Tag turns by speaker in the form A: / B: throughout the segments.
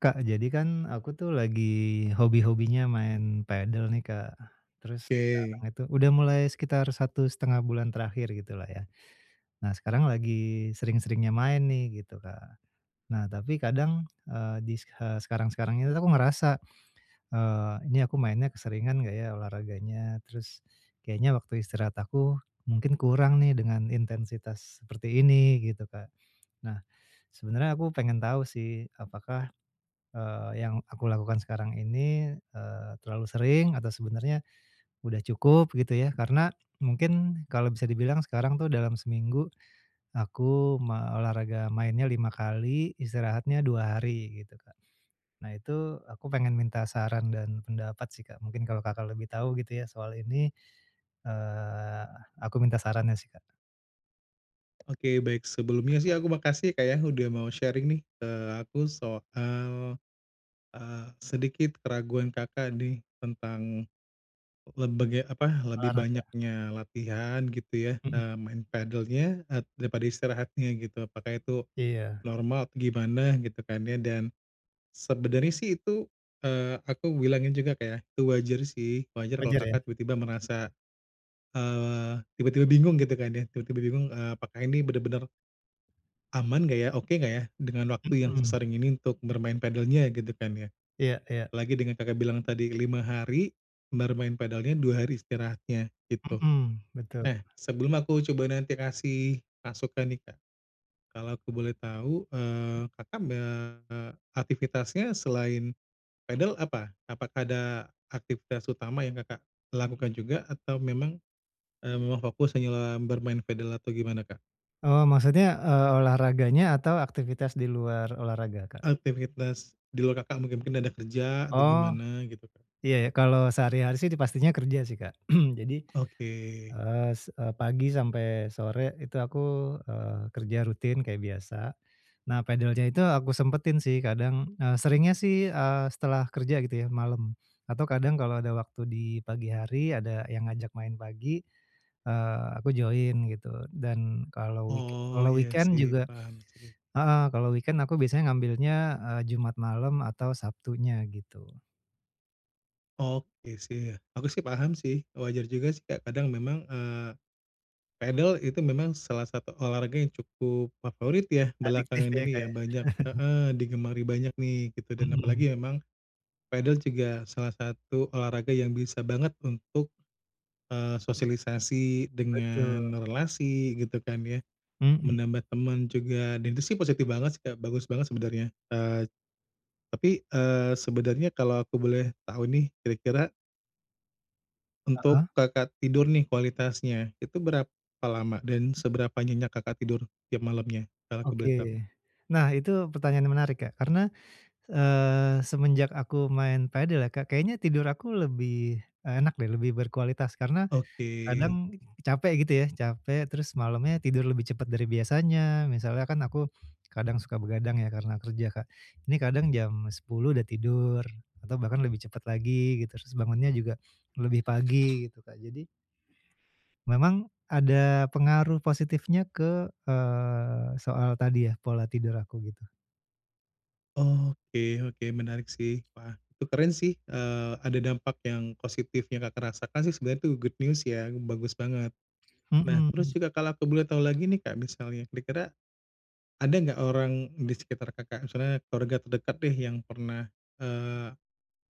A: Kak, jadi kan aku tuh lagi hobi-hobinya main padel nih Kak. Terus sekarang
B: Oke.
A: itu udah mulai sekitar 1,5 bulan terakhir gitu lah ya. Nah, sekarang lagi sering-seringnya main nih, gitu Kak. Nah, tapi kadang, eee, di, e sekarang-sekarang ini aku ngerasa, eee, "Ini aku mainnya keseringan enggak ya, olahraganya?" Terus, "Kayaknya waktu istirahat aku, mungkin kurang nih dengan intensitas seperti ini," gitu Kak. Nah, sebenarnya aku pengen tahu sih, apakah, eee, yang aku lakukan sekarang ini, eee, terlalu sering atau sebenarnya udah cukup, gitu ya. Karena, mungkin kalau bisa dibilang sekarang tuh dalam seminggu, aku ma olahraga mainnya 5 kali, istirahatnya 2 hari, gitu Kak. Nah itu aku pengen minta saran dan pendapat sih Kak, mungkin kalau Kakak lebih tahu gitu ya, soal ini, eee, aku minta sarannya sih, Kak.
B: Oke, baik, sebelumnya sih aku makasih ya, Kak, ya, udah mau sharing nih ke aku soal, eee, sedikit keraguan Kakak nih, tentang lebege apa, lebih
A: Olahraga.
B: banyaknya latihan gitu ya,
A: Mhm.
B: eee, main padelnya, e daripada istirahatnya, gitu, apakah itu
A: Iya.
B: normal atau gimana, gitu kan ya? Dan, sebenernya sih itu, eee, aku bilangnya juga kayak, itu wajar sih, wajar kalau
A: Wajar ya?
B: Kakak tiba-tiba merasa, eee, tiba-tiba bingung, gitu kan ya. Tiba-tiba bingung, eee, apakah ini benar-benar, aman enggak ya. Oke enggak ya dengan waktu yang
A: Mhm.
B: sesering ini untuk bermain padelnya, gitu kan ya.
A: Iya iya.
B: Apalagi dengan Kakak bilang tadi, 5 hari, entar main padelnya 2 hari istirahatnya, gitu.
A: Mhm, betul.
B: Eh, sebelum aku coba nanti kasih masukan nih, Kak, kalau aku boleh tahu, eee, Kakak, eee, aktivitasnya selain padel apa? Apakah ada aktivitas utama yang Kakak lakukan juga? Atau memang, eee, memang fokus hanya bermain padel atau gimana Kak?
A: Oh. Maksudnya, eee, olahraganya atau aktivitas di luar olahraga, Kak?
B: Aktifitas di luar Kakak mungkin mungkin ada kerja atau
A: Oh.
B: gimana, gitu kan.
A: Iya ya. Kalau sehari-hari sih, pastinya kerja sih, Kak. Jadi,
B: Oke.
A: eee, s eee, pagi sampai sore itu aku, eee, kerja rutin kayak biasa. Nah, padelnya itu aku sempetin sih, kadang seringnya sih, eee, setelah kerja, gitu ya, malem atau kadang kalau ada waktu di pagi hari, ada yang ngajak main pagi, eee, aku join, gitu. Dan kalau weeke
B: Oh.
A: kalau
B: Iya
A: weekend
B: sih,
A: juga
B: paham sih.
A: heeh, kalau weekend aku biasanya ngambilnya, eee, Jumat malam atau Sabtunya, gitu.
B: Oke, sih, ya. Aku sih paham sih, wajar juga sih, kadang memang, eee, padel itu memang salah satu olahraga yang cukup favorit ya,
A: Adiktif
B: belakangan
A: ya,
B: ini
A: Kak,
B: ya,
A: ya.
B: banyak heeh, digemari banyak nih, gitu, dan
A: Mhm.
B: apalagi memang padel juga salah satu olahraga yang bisa banget untuk, eee, sosialisasi
A: Betul.
B: dengan relasi, gitu kan ya,
A: Mhm.
B: menambah temen juga dan itu sih positif banget sih, Kak, bagus banget sebenarnya, eee, tapi, eee, sebenarnya kalau aku boleh tahu nih, kira-kira Untuk
A: Heeh.
B: Kakak tidur nih kualitasnya, itu berapa lama, dan seberapa nyenyak Kakak tidur tiap malamnya, kalau aku boleh tahu?
A: Oke. Nah, itu pertanyaan yang menarik, Kak. Karena, eee, semenjak aku main padel ya. Kak, kayaknya tidur aku lebih, eee, enak deh, lebih berkualitas, karena
B: Oke.
A: kadang capek, gitu ya, capek, terus malemnya tidur lebih cepet dari biasanya. Misalnya kan aku kadang suka begadang ya karena kerja, Kak. Ini kadang jam 10:00 udah tidur, atau bahkan lebih cepet lagi gitu, terus bangunnya juga lebih pagi gitu, Kak. Jadi memang ada pengaruh positifnya ke, eee, soal tadi ya, pola tidur aku, gitu.
B: Oke oke, menarik sih. Wah, itu keren sih, eee, ada dampak yang positifnya Kakak rasakan sih, sebenarnya itu good news, ya, bagus banget. Nah,
A: Mhm.
B: terus juga kalau aku boleh tahu lagi nih, Kak, misalnya kira-kira ada enggak orang di sekitar Kakak, misalnya keluarga terdekat deh yang pernah, eee,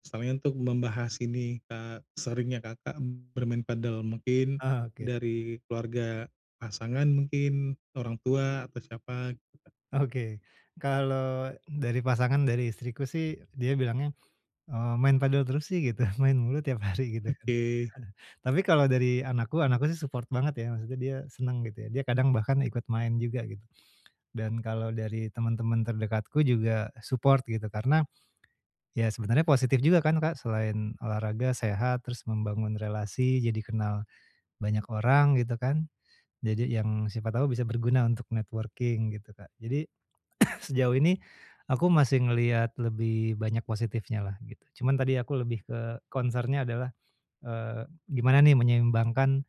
B: misalnya untuk membahas ini, eee, seringnya Kakak bermain padel mungkin
A: Ah, oke.
B: dari keluarga pasangan mungkin, orang tua atau siapa?
A: Oke. Kalau dari pasangan dari istriku sih, dia bilangnya, eee, "Main padel terus sih," gitu. "Main mulu tiap hari," gitu kan.
B: Oke.
A: Tapi kalau dari anakku, anakku sih support banget, ya. Maksudnya dia seneng, gitu ya. Dia kadang bahkan ikut main juga, gitu. Dan kalau dari temen-temen terdekatku juga support, gitu. Karena, ya sebenarnya positif juga kan, Kak, selain olahraga, sehat, terus membangun relasi, jadi kenal banyak orang, gitu kan. Nah, jadi yang siapa tahu bisa berguna untuk networking, gitu, Kak. Jadi, sejauh ini aku masih ngelihat lebih banyak positifnya lah, gitu. Cuman tadi aku lebih ke concern-nya adalah, eee, gimana nih menyeimbangkan,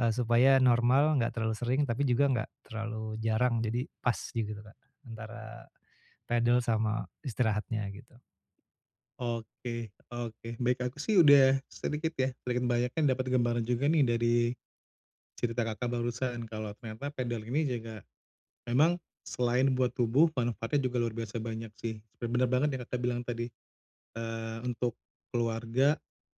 A: eee, supaya normal, enggak terlalu sering, tapi juga enggak terlalu jarang, jadi pas, gitu, Kak, antara padel sama istirahatnya, gitu.
B: Oke. Oke. Baik. Aku sih udah sedikit ya, sedikit banyaknya dapet gambaran juga nih dari cerita Kakak, barusan, kalau ternyata padel ini juga, memang selain buat tubuh, manfaatnya juga luar biasa banyak sih. Bener banget yang Kakak, bilang tadi, eee, untuk keluarga,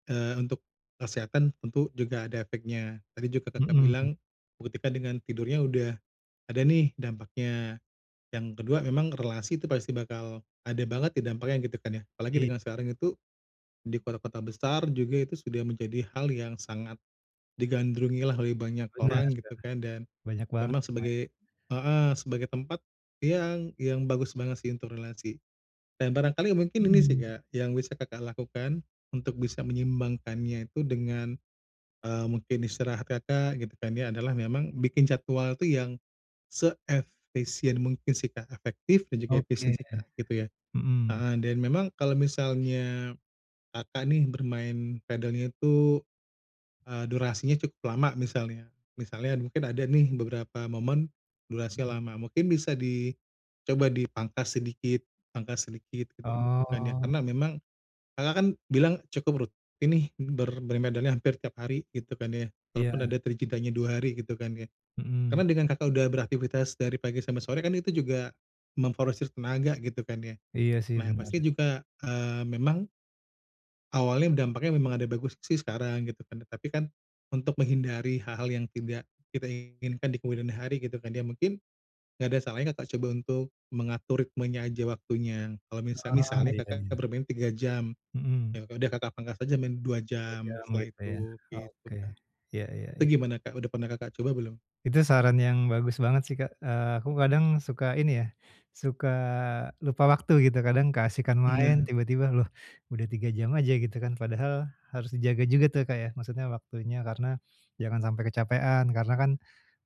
B: eee, untuk kesehatan tentu, juga ada efeknya. Tadi juga Kakak,
A: Mhm.
B: bilang buktikan dengan tidurnya udah ada nih dampaknya. Yang kedua memang relasi itu pasti bakal ada banget di dampaknya gitu kan ya. Apalagi,
A: I
B: dengan sekarang itu di kota-kota besar juga itu sudah menjadi hal yang sangat digandrungi lah oleh banyak
A: Benar
B: orang, gitu
A: Kak.
B: kan dan
A: Banyak banget
B: memang
A: yang main.
B: sebagai heeh, sebagai tempat yang yang bagus banget sih untuk relasi dan barangkali mungkin ini sih
A: Mhm.
B: Kak, yang bisa Kakak, lakukan untuk bisa menyimbangkannya itu dengan eee, mungkin istirahat Kakak, gitu kan ya, adalah memang bikin jadwal itu yang seefisien mungkin sih Kak, efektif dan juga efisien
A: Oke.
B: sih Kak, gitu ya.
A: Mhm.
B: Heeh, dan memang kalau misalnya Kakak, nih bermain padelnya itu eee, durasinya cukup lama misalnya misalnya mungkin ada nih beberapa momen
A: Mhm.
B: durasinya lama, mungkin bisa dicoba dipangkas sedikit, pangkas sedikit gitu kan ya,
A: Oh.
B: karena memang Kakak, kan bilang cukup rutin nih ber bermain padelnya hampir tiap hari gitu kan ya, walaupun
A: Iya.
B: ada tuh ada jedanya 2 hari gitu kan ya. Karena
A: Mhm.
B: dengan Kakak, udah beraktifitas dari pagi sampai sore kan, itu juga memforsir tenaga, gitu kan ya.
A: Iya sih,
B: Nah, ya
A: benar.
B: pasti juga eee, memang awalnya dampaknya, memang ada bagus sih sekarang, gitu kan. Tapi kan untuk menghindari hal-hal yang tidak kita inginkan di kemudian hari gitu kan. Ya mungkin enggak ada salahnya Kakak, coba untuk mengatur ritmenya aja, waktunya. Kalau mis
A: Oh.
B: misalnya
A: Iya
B: Kakak,
A: iya.
B: bermain 3 jam,
A: Mhm.
B: ya udah Kakak, pangkas aja main 2
A: 2
B: jam
A: jam
B: setelah
A: gitu ya.
B: itu, gitu
A: Oke,
B: kan.
A: iya iya
B: Itu
A: iya.
B: gimana Kak, udah pernah Kakak, coba belum?
A: Itu saran yang bagus banget sih Kak, eee, aku kadang suka ini ya, suka lupa waktu, gitu. Kadang keasyikan main
B: Nah.
A: tiba-tiba, loh udah 3 jam aja, gitu kan. Padahal harus dijaga juga tuh Kak, ya. Maksudnya waktunya, karena jangan sampai kecapekan, karena kan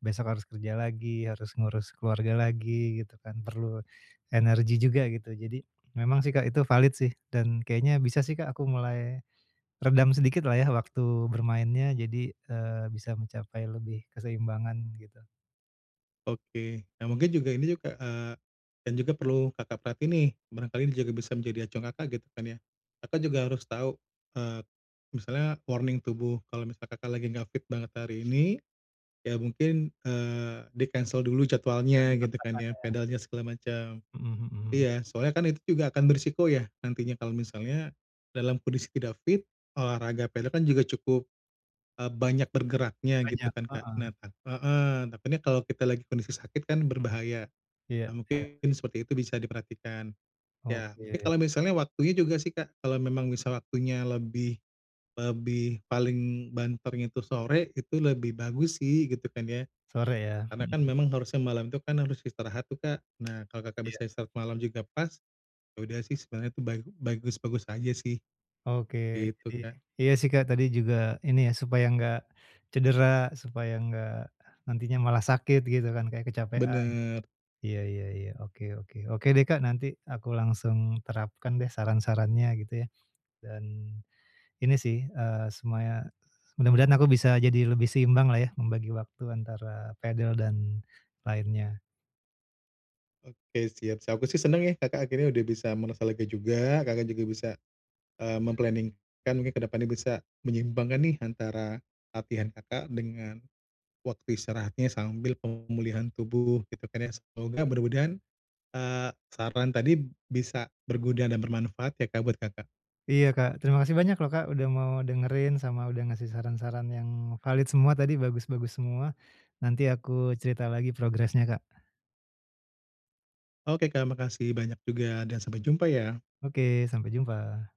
A: besok harus kerja lagi, harus ngurus keluarga lagi, gitu kan, perlu energi juga, gitu. Jadi, memang sih Kak, itu valid sih dan kayaknya bisa sih Kak, aku mulai redam sedikit lah ya, waktu bermainnya, jadi eee, bisa mencapai lebih keseimbangan, gitu.
B: Oke. Nah, mungkin juga ini juga, eee, dan juga perlu Kakak perhatiin nih, barangkali ini juga bisa menjadi acuan Kakak gitu kan ya. Kakak juga harus tahu, eee, misalnya warning tubuh kalau misal Kakak lagi enggak fit banget hari ini, ya mungkin, eee, di-cancel dulu
A: Jangan
B: jadwalnya gitu kan
A: dipaksakan
B: ya,
A: ya.
B: padelnya segala macem.
A: Mhm mhm.
B: Iya, soalnya kan itu juga akan beresiko ya nantinya kalau misalnya dalam kondisi tidak fit olahraga padel kan juga cukup, eee, banyak bergeraknya gitu
A: Banyak,
B: kan, Kak.
A: heeh.
B: Nah heeh, takutnya kalau kita lagi kondisi sakit kan berbahaya.
A: Iya
B: Nah,
A: iya.
B: mungkin seperti itu bisa diperhatikan. Ya, mungkin
A: Oke.
B: kalau misalnya waktunya juga sih, Kak, kalau memang bisa waktunya lebih lebih, paling banternya itu sore itu lebih bagus sih, gitu kan ya.
A: Sore ya,
B: Karena kan
A: hmm.
B: memang harusnya malam tuh kan harus istirahat tuh, Kak. Nah, kalau Kakak
A: Iya.
B: bisa istirahat malam juga pas, ya udah sih sebenarnya itu bagu bagus-bagus aja sih,
A: Oke,
B: gitu,
A: jadi
B: Kak.
A: iya, sih, Kak, tadi juga ini ya supaya enggak cedera, supaya enggak nantinya malah sakit gitu kan kayak kecapekan.
B: Benar.
A: Iya iya iya, oke oke. Oke deh, Kak, nanti aku langsung terapkan deh saran-sarannya gitu ya. Dan ini sih, eee, semaya mudah-mudahan aku bisa jadi lebih seimbanglah ya membagi waktu antara padel dan lainnya.
B: Oke, siap. Sa aku sih senang ya Kakak akhirnya udah bisa merasa lega juga, Kakak juga bisa, eee, mem-planning kan mungkin ke depannya bisa menyeimbangkan nih antara latihan Kakak dengan waktu istirahatnya sambil pemulihan tubuh, gitu kan ya. Semoga mudah-mudahan, eee, saran tadi bisa berguna dan bermanfaat ya, Kak, buat Kakak.
A: Iya, Kak. Terima kasih banyak loh, Kak, udah mau dengerin sama udah ngasih saran-saran yang valid semua tadi bagus-bagus semua. Nanti aku cerita lagi progresnya, Kak.
B: Oke, Kak, makasih banyak juga dan sampai jumpa ya.
A: Oke. Sampai jumpa.